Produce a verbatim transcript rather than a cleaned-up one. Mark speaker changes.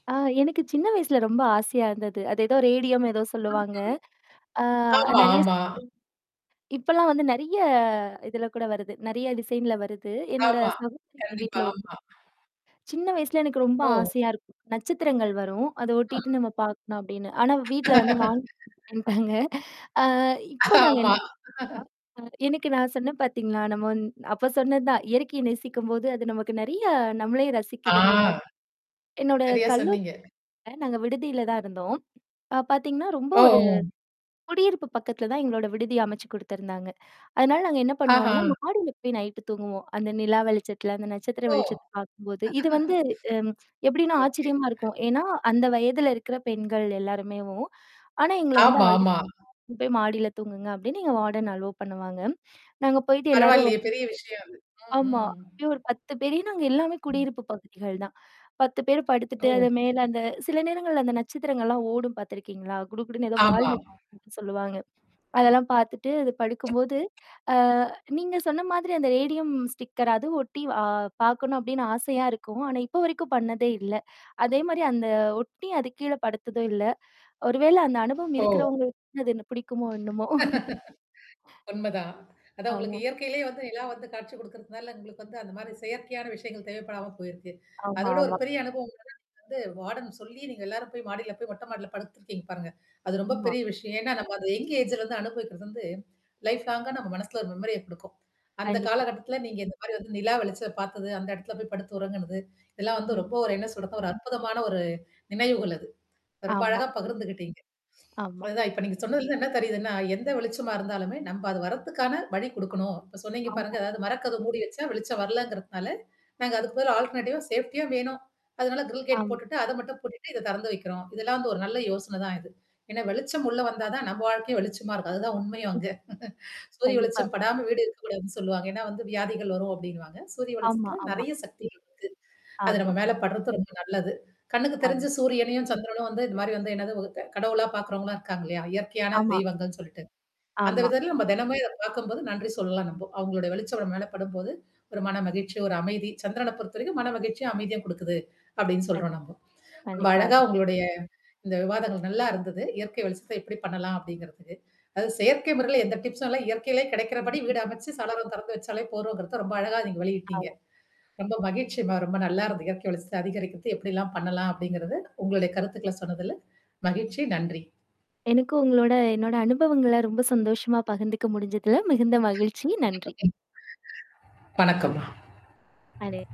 Speaker 1: ஆ எனக்கு சின்ன வயசுல ரொம்ப ஆசையா இருந்தது. அது ஏதோ ரேடியம் ஏதோ சொல்லுவாங்க. ஆ அ
Speaker 2: ஆமா
Speaker 1: நிறைய [unintelligible]
Speaker 2: ஆமா.
Speaker 1: இப்பலாம் வந்து நெறைய இதுல கூட வருது. நெறைய டிசைன்ல வருது. என்னோட
Speaker 2: ஆமா.
Speaker 1: சகோதரி வீட்ல
Speaker 2: கண்டிப்பா.
Speaker 1: ஓட்டி
Speaker 2: ஆமா.
Speaker 1: [unintelligible] சின்ன வயசுல எனக்கு ரொம்ப
Speaker 2: ஓ!
Speaker 1: ஆசையா இருக்கும். நட்சத்திரங்கள் வரும். அத
Speaker 2: ஆ.
Speaker 1: ஒட்டிட்டு நம்ம பார்க்கணும் அப்படின்னு. ஆனா வீட்ல வந்து வாங்கி [unintelligible] ன்டாங்க. அ இப்ப நாங்க
Speaker 2: ஆமா.
Speaker 1: என்ன ஆ. அ எனக்கு நான் சொன்னேன் பார்த்தீங்களா, நம்ம வந்து அப்ப சொன்னது தான். இயற்கைய நேசிக்கும்போது, அது நமக்கு நெறைய நம்மளேயே
Speaker 2: ஆ.
Speaker 1: ரசிக்குதுன்ற மாரி. என்னோட
Speaker 2: சரியா சொன்னீங்க.
Speaker 1: கல்லூரில நாங்க விடுதியில தான் இருந்தோம். அ பார்த்தீங்கன்னா, ரொம்ப
Speaker 2: ஓ!
Speaker 1: ஒரு
Speaker 2: ஓ!
Speaker 1: குடியிருப்பு பக்கத்தில தான் எங்களோட விடுதி அமைச்சு குடுத்துருந்தாங்க. அதனால நாங்க என்ன பண்ணுவோன்னா,
Speaker 2: ஆஹம்.
Speaker 1: மாடியில போய் நைட்டு தூங்குவோம். அந்த நிலா வெளிச்சதுல, அந்த நட்சத்திர
Speaker 2: ஓ!
Speaker 1: வெளிச்சத்த பார்க்கும்போது. இது வந்து அம் எப்படின்னா
Speaker 2: ஓகே.
Speaker 1: ஆச்சரியமா இருக்கும். ஏன்னா அந்த வயதல இருக்கிற பெண்கள் எல்லாருமேவும் ஆனா எங்கள வந்து அழு
Speaker 2: ஆமாமா.
Speaker 1: இங்க போய் மாடியில தூங்குங்க அப்டின்னு எங்க வார்டன் அலோ பண்ணுவாங்க. நாங்க போயிட்டு எல்லாரும் வ.
Speaker 2: பரவால்லயே! பெரிய விஷயம் அது. ம்
Speaker 1: ஆமா.
Speaker 2: ம்.
Speaker 1: அப்பயே ஒரு பத்து பேர் ஏன்னா அங்க எல்லாமே
Speaker 2: ம்.
Speaker 1: குடியிருப்பு பகுதிகள் தான். பத்து பேர் படுத்துட்டு
Speaker 2: ஓ.
Speaker 1: அது மேல அந்த சில நேரங்கள்ல அந்த நட்சத்திரங்கள்லாம் ஓடும் பார்த்தருக்கீங்களா? குடுகுடுன்னு ஏதோ வால்
Speaker 2: ஆமா
Speaker 1: நட்சத்திரம்னு சொல்லுவாங்க. அதெல்லாம் பார்த்துட்டு அது படுக்கும்போது, அ நீங்க சொன்ன மாதிரி அந்த ரேடியம் ஸ்டிக்கர் அதுவும் ஒட்டி அ பார்க்கணும் அப்படின்னு ஆசையா இருக்கும். ஆனா இப்போ வரைக்கும் பண்ணதே இல்ல. அதே மாரி அந்த ஒட்டி அது கீழ படுத்ததும் இல்ல. ஒரு வேள அந்த அனுபவம்
Speaker 2: ஓ!
Speaker 1: இருக்கிறவங்களுக்கு அது என்ன பிடிக்குமோ என்னாமோ.
Speaker 2: உன்மைதான். அதான் உங்களுக்கு
Speaker 1: ஆமா.
Speaker 2: இயற்கையிலேயே வந்து நிலா வந்து காட்சி குடுக்கறதுனால, உங்களுக்கு வந்து அந்த மாரியானா செயற்கையான விஷயங்கள் தேவைப்படாம போயிருக்கு. அத
Speaker 1: ஆமா,
Speaker 2: விட ஒரு
Speaker 1: ஆமா.
Speaker 2: பெரிய அனுபவம் வந்து வார்டன் சொல்லி, நீங்க எல்லாரும் போய் மாடில போய் மொட்டை மாடில படுத்துருக்கீங்க பாருங்க. அது ரொம்ப
Speaker 1: ஆமா.
Speaker 2: பெரிய விஷயம். ஏன்னா, நம்ம அந்த எங் ஏஜ்ல அனுபவிக்கிறது வந்து லைப் லாங்க நம்ம மனசுல ஒரு மெமரிய குடுக்கும். அந்த
Speaker 1: கண்டிப்பா.
Speaker 2: காலகட்டத்தில நீங்க இந்த மாரி வந்து நிலா வெளிச்ச பார்த்தது, அந்த இடத்துல போய் படுத்து உறங்குனது. இதெல்லாம் வந்து
Speaker 1: ம்.
Speaker 2: ரொம்ப ஒரு என்ன சொல்றது, ஒரு அற்புதமான ஒரு நினைவுகள் அது. ரொம்ப
Speaker 1: ஆமா.
Speaker 2: அழகா பகிர்ந்துகிட்டீங்க.
Speaker 1: ஆமா.
Speaker 2: அதான் இப்ப நீங்க சொன்னதுல இருந்து என்ன தெரியுதுன்னா, எந்த வெளிச்சமா இருந்தாலுமே நம்ம அது வர்றதுக்கான வழி குடுக்கணும். இப்ப சொன்னீங்க பாருங்க.
Speaker 1: ஆமா.
Speaker 2: அதாவது மரக்கதவ மூடி வச்சா வெளிச்சம் வரலங்கிறதுனால, நாங்க அதுக்கு பதுலா ஆல்டர்னேடிவா சேஃப்டியா வேணும். அதனால கிரில் கேட்
Speaker 1: ஆமா.
Speaker 2: போட்டுட்டு அத மட்டும் பூட்டிட்டு இத திறந்து வைக்கிறோம். இதெல்லாம் வந்து ஒரு நல்ல யோசனை தான் இது. ஏன்னா வெளிச்சம் உள்ள வந்தா தான் நம்ம வாழ்க்கையும் வெளிச்சமா இருக்கும். அதுதான் உண்மையும் அங்க. சூரிய
Speaker 1: கண்டிப்பா.
Speaker 2: வெளிச்சம் படாம வீடு இருக்கக்கூடாதுன்னு சொல்லுவாங்க. ஏன்னா வந்து வியாதிகள் வரும் அப்டின்னுவாங்க. சூரிய
Speaker 1: ஆமா,
Speaker 2: வளிச்சத்தல
Speaker 1: ஆமா.
Speaker 2: நெறைய சக்திகள் இருக்கு. அது
Speaker 1: ஆமா.
Speaker 2: நம்ம மேல படுறது ரொம்ப நல்லது. கண்ணுக்கு
Speaker 1: ஆம்.
Speaker 2: தெரிஞ்சு சூரியனையும் சந்திரனும் வந்து இந்த மாரி வந்து என்னது கடவுளா பார்க்கறவங்களா இருக்காங்க இல்லையா? இயற்கையான
Speaker 1: ஆமா.
Speaker 2: தெய்வங்கள்னு சொல்லிட்டு. அந்த
Speaker 1: ஆமா.
Speaker 2: விதத்தில நம்ம தினமே இத பார்க்கும்போது நன்றி சொல்லலாம் நம்போ. அவங்களளுடைய வெளிச்சம் நம்ம மேல படும்போது, ஒரு மன மகிழ்ச்சி, ஒரு அமைதி, சந்திரனைப் பொறுத்தவரைக்கும் மன மகி்ச்சியா அமைதியா கொடுக்குது. அப்படின்னு
Speaker 1: கண்
Speaker 2: சொல்றோம் நம்ப. ரொம்ப
Speaker 1: கண்டிப்பா.
Speaker 2: அழகா
Speaker 1: அது.
Speaker 2: உங்களுடைய. இந்த விவாதங்கள் நல்லா இருந்தது. இயற்கை வெளிச்சத்த எப்படி பண்ணலாம் அப்படிங்கிறதுக்கு. அது செயற்கை முறையில எந்த டிப்ஸம் இல்ல இயற்கையிலேயே கிடைக்கிறபடி வீடு அமைச்சு சாளரம் திறந்து வச்சாலே போறோங்கிறத ரொம்ப அழகா நீங்க வெளியிட்டீங்க.
Speaker 1: ஆம.
Speaker 2: ரொம்ப மகிழ்ச்சிம்மா. ரொம்ப நல்லா இருந்துது. இயற்கை ஒளிச்ச அதிகரிக்கிறது. எப்ப்டிலாம் பண்ணலாம் அப்படிங்கத உங்களுடைய கருத்துக்கள சொன்னதல. மகிழ்ச்சி. நன்றி.
Speaker 1: எனக்கு உங்களோட என்னோட அனுபவங்கள ரொம்ப சந்தோஷமா பகிர்ந்துக்க முடிஞ்சதுல. மிகுந்த மகிழ்ச்சி. நன்றி.
Speaker 2: வணக்கம்மா.
Speaker 1: அடே